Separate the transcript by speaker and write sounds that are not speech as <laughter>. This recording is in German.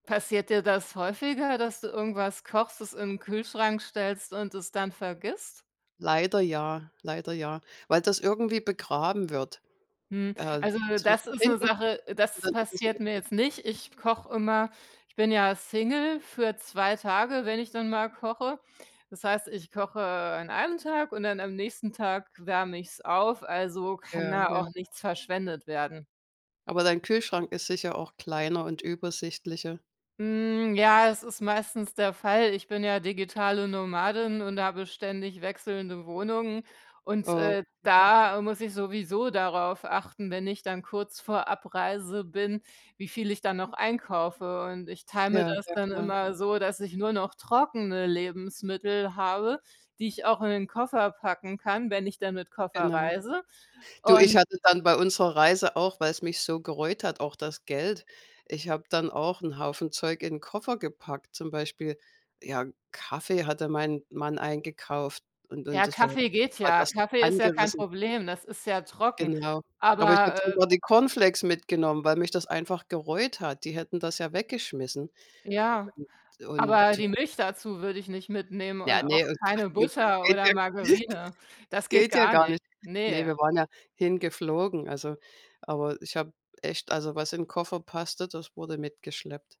Speaker 1: Passiert dir das häufiger, dass du irgendwas kochst, das in den Kühlschrank stellst und es dann vergisst?
Speaker 2: Leider ja, leider ja, weil das irgendwie begraben wird.
Speaker 1: Hm,
Speaker 2: Äh,
Speaker 1: also
Speaker 2: es wird
Speaker 1: das
Speaker 2: nach
Speaker 1: ist 'ne
Speaker 2: hinten
Speaker 1: Sache,
Speaker 2: <unintelligible> und
Speaker 1: das
Speaker 2: dann ist es
Speaker 1: passiert
Speaker 2: weg.
Speaker 1: mir jetzt nicht. Ich koche immer- ich bin ja Single- für 2 Tage, wenn ich dann mal koche. Das heißt, ich koche an einem Tag und dann am nächsten Tag wärme ich's auf, also kann
Speaker 2: Ja,
Speaker 1: da auch
Speaker 2: ja.
Speaker 1: nichts verschwendet werden.
Speaker 2: Aber dein Kühlschrank ist sicher auch kleiner und übersichtlicher.
Speaker 1: Hm, ja, es ist meistens der Fall. Ich bin ja digitale Nomadin und habe ständig wechselnde Wohnungen und,
Speaker 2: Oh.
Speaker 1: äh,
Speaker 2: <unintelligible>
Speaker 1: da muss ich sowieso darauf achten, wenn ich dann kurz vor Abreise bin, wie viel ich dann noch einkaufe. Und ich teile mir
Speaker 2: Ja,
Speaker 1: das
Speaker 2: ja
Speaker 1: dann
Speaker 2: klar.
Speaker 1: immer so, dass ich nur noch trockene Lebensmittel habe, die ich auch in den Koffer packen kann, wenn ich dann mit Koffer
Speaker 2: Genau.
Speaker 1: reise.
Speaker 2: Du, ich
Speaker 1: Und
Speaker 2: hatte dann bei unserer Reise auch weil's mich so gereut hat, auch das Geld. Ich habe dann auch 'n Haufen Zeug in 'n Koffer gepackt, zum Beispiel. Ja, Kaffee hatte mein Mann eingekauft und und
Speaker 1: Ja,
Speaker 2: das war
Speaker 1: Kaffee geht
Speaker 2: war
Speaker 1: ja,
Speaker 2: das
Speaker 1: Kaffee ist ja kein
Speaker 2: angerissen.
Speaker 1: Problem, das ist ja trocken.
Speaker 2: Genau. Aber ich habe
Speaker 1: Aber, äh
Speaker 2: sogar die Cornflakes mitgenommen, weil mich das einfach gereut hat. Die hätten das ja weggeschmissen.
Speaker 1: Ja,
Speaker 2: Und und
Speaker 1: aber
Speaker 2: ja.
Speaker 1: die Milch dazu würde ich nicht mitnehmen
Speaker 2: Ja,
Speaker 1: und auch
Speaker 2: ne, und
Speaker 1: keine
Speaker 2: <unintelligible>
Speaker 1: Butter
Speaker 2: geht
Speaker 1: oder
Speaker 2: ja <chuckles>
Speaker 1: Margarine. Das geht
Speaker 2: geht ja
Speaker 1: gar
Speaker 2: gar
Speaker 1: nicht.
Speaker 2: nicht. Ne,
Speaker 1: Ne.
Speaker 2: wir waren ja hingeflogen, also aber ich habe echt also, was im Koffer passte, das wurde mitgeschleppt.